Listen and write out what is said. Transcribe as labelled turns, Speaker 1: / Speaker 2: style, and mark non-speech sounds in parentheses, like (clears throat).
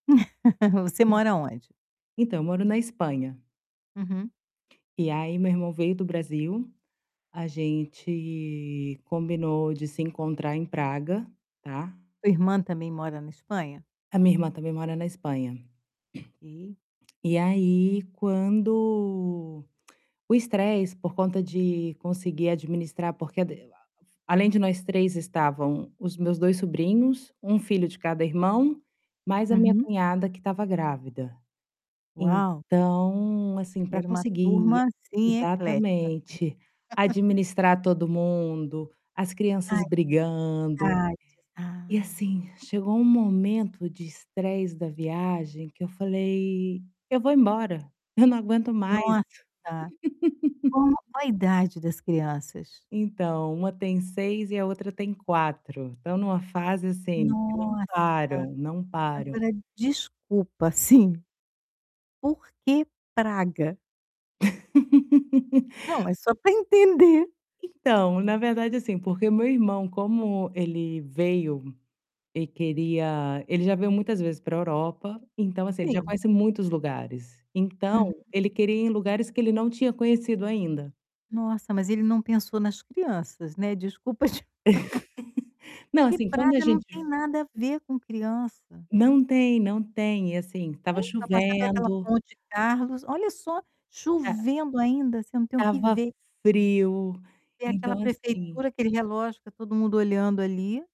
Speaker 1: (laughs) Você mora onde?
Speaker 2: Então, moro na Espanha.
Speaker 1: Uhum.
Speaker 2: E aí, meu irmão veio do Brasil. A gente combinou de se encontrar em Praga, tá.
Speaker 1: Sua irmã, também, mora na Espanha?
Speaker 2: A minha irmã também mora na Espanha. (clears throat)
Speaker 1: Ok.
Speaker 2: E aí, quando (clicks tongue) o estresse por conta de conseguir administrar, porque além de nós 3, estavam os meus 2 sobrinhos, 1 filho de cada irmão, mais a minha
Speaker 1: Uhum.
Speaker 2: cunhada que estava grávida.
Speaker 1: Uau!
Speaker 2: Então, assim, para
Speaker 1: Era uma
Speaker 2: conseguir
Speaker 1: turma, assim, eclética mesmo
Speaker 2: Exatamente,
Speaker 1: (laughs)
Speaker 2: administrar todo mundo, as crianças
Speaker 1: Ai
Speaker 2: brigando.
Speaker 1: (unintelligible)
Speaker 2: E
Speaker 1: ah.
Speaker 2: assim, chegou um momento de estresse da viagem que eu falei: "Eu vou embora, eu não aguento mais".
Speaker 1: Nossa! Como
Speaker 2: (laughs)
Speaker 1: qual a idade das crianças?
Speaker 2: Então, uma tem 6 e a outra tem 4. Estão em uma fase, assim, que não
Speaker 1: Nossa,
Speaker 2: param, não param.
Speaker 1: agora, desculpa, sim, por que Praga?
Speaker 2: (laughs)
Speaker 1: Não, é só para entender.
Speaker 2: Então, na verdade, assim, porque o meu irmão como ele veio ele queria ele já veio muitas vezes para Europa, então, assim, ele já
Speaker 1: Sim.
Speaker 2: conhece muitos lugares. Então,
Speaker 1: Uhum.
Speaker 2: ele queria ir em lugares que ele não tinha conhecido ainda.
Speaker 1: Nossa, mas ele não pensou nas crianças, né, desculpa te falar.
Speaker 2: (laughs) Não,
Speaker 1: Que
Speaker 2: assim, quando a
Speaker 1: Praga não
Speaker 2: gente
Speaker 1: tem
Speaker 2: fo
Speaker 1: nada a ver com criança.
Speaker 2: Não tem, não tem. E assim,
Speaker 1: É,
Speaker 2: estava
Speaker 1: então, passar por aquela
Speaker 2: chovendo.
Speaker 1: Ponte Carlos. Olha só,
Speaker 2: É.
Speaker 1: chovendo ainda, você não tem o que
Speaker 2: Estava
Speaker 1: ver.
Speaker 2: frio.
Speaker 1: Tem aquela
Speaker 2: Então assim
Speaker 1: prefeitura, aquele relógio, fica todo mundo olhando ali.